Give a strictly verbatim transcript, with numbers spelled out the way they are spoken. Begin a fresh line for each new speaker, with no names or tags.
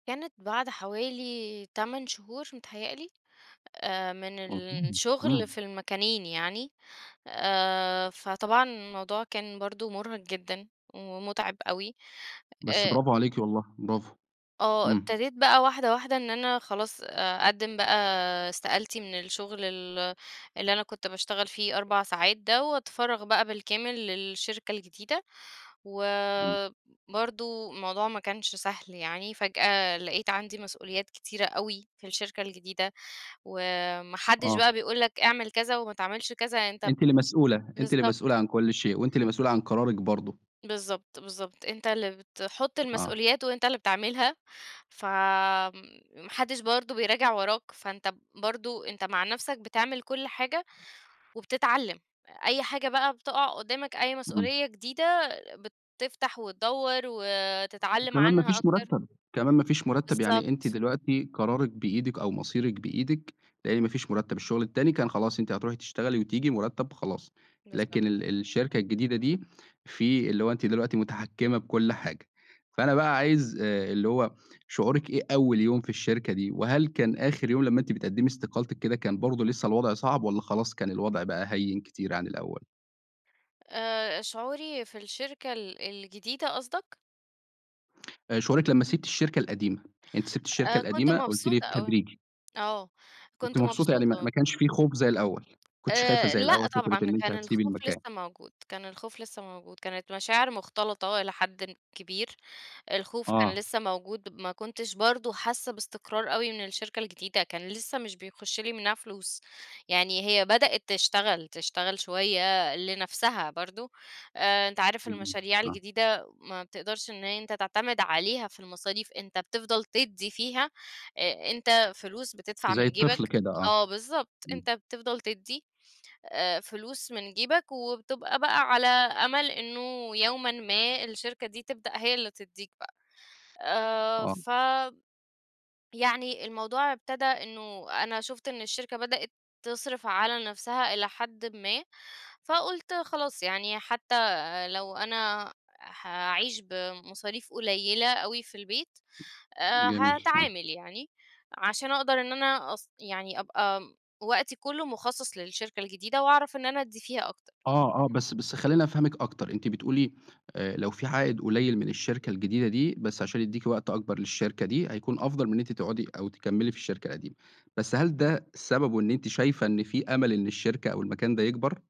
كانت بعد حوالي تَمَن شهور متهيّأ لي، آآ من
اهم،
الشغل في
إمم.
المكانين يعني. آآ فطبعًا الموضوع كان برضه مُرهق جدًا ومُتعِب أوي
بس
آآ
برافو عليكِ والله، برافو.
آه.
إمم.
ابتديت بقى واحدة، واحدة إن أنا خلاص أقدِّم بقى استقالتي من الشغل ال اللي أنا كنت باشتغل فيه أربع ساعات ده وأتفرّغ بقى بالكامل للشركة الجديدة. و
إمم.
برضه الموضوع ما كانش سهل يعني، فجأة لقيت عندي مسؤوليات كتيرة أوي في الشركة الجديدة، وما حدّش
آه.
بقى بيقول لك اعمل كذا وما تعملش كذا، يعني أنت ب
أنتِ اللي مسؤولة أنتِ اللي
بالضبط.
مسؤولة عن كل شيء وأنتِ اللي مسؤولة عن قرارِك برضه.
بالضبط، بالضبط. أنت اللي بتحُط
آه.
المسؤوليات وأنت اللي بتعملها، فم ما حدّش برضه بيراجع وراك، فأنت ب برضه أنت مع نفسك بتعمل كل حاجة وبتتعلّم. أي حاجة بقى بتقع قُدّامك، أي
إمم.
مسؤولية جديدة، بتفتح وتدوَّر وتتعلَم
وكمان ما
عنها
فيش
أكتر.
مُرتَّب، كمان ما فيش مُرتَّب. يعني أنتِ
بالضبط.
دلوقتي قرارِك بإيدِك أو مصيرِك بإيدِك، لإن ما فيش مُرتَّب، الشغل التاني كان خلاص أنتِ هتروحي تشتغلي وتيجي مُرتَّب خلاص،
بالضبط.
لكن ال الشركة الجديدة دي في اللي هو أنتِ دلوقتي متحكِّمة بكل حاجة، فأنا بقى عايز آآ اللي هو شعورِك إيه أول يوم في الشركة دي؟ وهل كان آخِر يوم لمّا أنتِ بتقدّمي استقالتِك كده، كان برضه لسّه الوضع صعب والّا خلاص كان الوضع بقى هيِّن كتير عن الأول؟
آآ شعوري في الشركة ال الجديدة قصدك؟
آآ شعورِك لمّا سِبتِ الشركة القديمة؟ أنتِ سِبتِ الشركة
آآ، كنت
القديمة قُلتِ لي
مبسوطة أوي
بالتدريجي
آه.
كنتِ
كنت
مبسوطة، يعني ما
مبسوطة
ما
م
كانش في خوف زي الأول، ما كنتيش خايفة
آآ
زي
لأ
الأول فكرة
طبعًا.
إن أنتِ
كان
هتسيبي
الخوف
المكان.
لسّه موجود، كان الخوف لسّه موجود. كانت مشاعر مُختلطة إلى حدٍ كبير، الخوف كان
آه.
لسّه موجود، ما كنتش برضه حاسّة باستقرار أوي من الشركة الجديدة، كان لسّه مش بيخُش لي منّها فلوس. يعني هي بدأت تشتغل تشتغل شوية لنفسها برضه. آآ أنت عارف
اهم.
المشاريع
آه.
الجديدة ما بتقدرش إن أنت تعتمد عليها في المصاريف، أنت بتفضل تدّي فيها، أ أنت فلوس بتدفع
زي
من
الطفل
جيبك
كده آه.
آه بالضبط. أنت
إمم.
بتفضل تدّي آآ فلوس من جيبك وبتبقى بقى على أمَل إنه يومًا ما الشركة دي تبدأ هي اللي تدّيك بقى. آآ
آه.
ف يعني الموضوع ابتدى إنه أنا شُفت إن الشركة بدأت تصرف على نفسها إلى حدٍ ما، فقُلت خلاص يعني حتّى لو أنا حاعيش بمصاريف قليِّلة أوي في البيت،
[unintelligible]
آآ
جميل. فع
هاتعامل يعني عشان أقدر إن أنا أص يعني أبقى م وقتي كُلّه مُخصص للشركة الجديدة وأعرف إن أنا أدّي فيها أكتر.
آه، آه. بس بس خلّيني أفهمِك أكتر، أنتِ بتقولي آآ لو في عائِد قليِّل من الشركة الجديدة دي، بس عشان يدّيكِ وقت أكبر للشركة دي، هيكون أفضل من إن أنتِ تقعُدي أو تكمّلي في الشركة القديمة. بس هل ده سببه إن أنتِ شايفة إن في أمَل إن الشركة أو المكان ده يكبر؟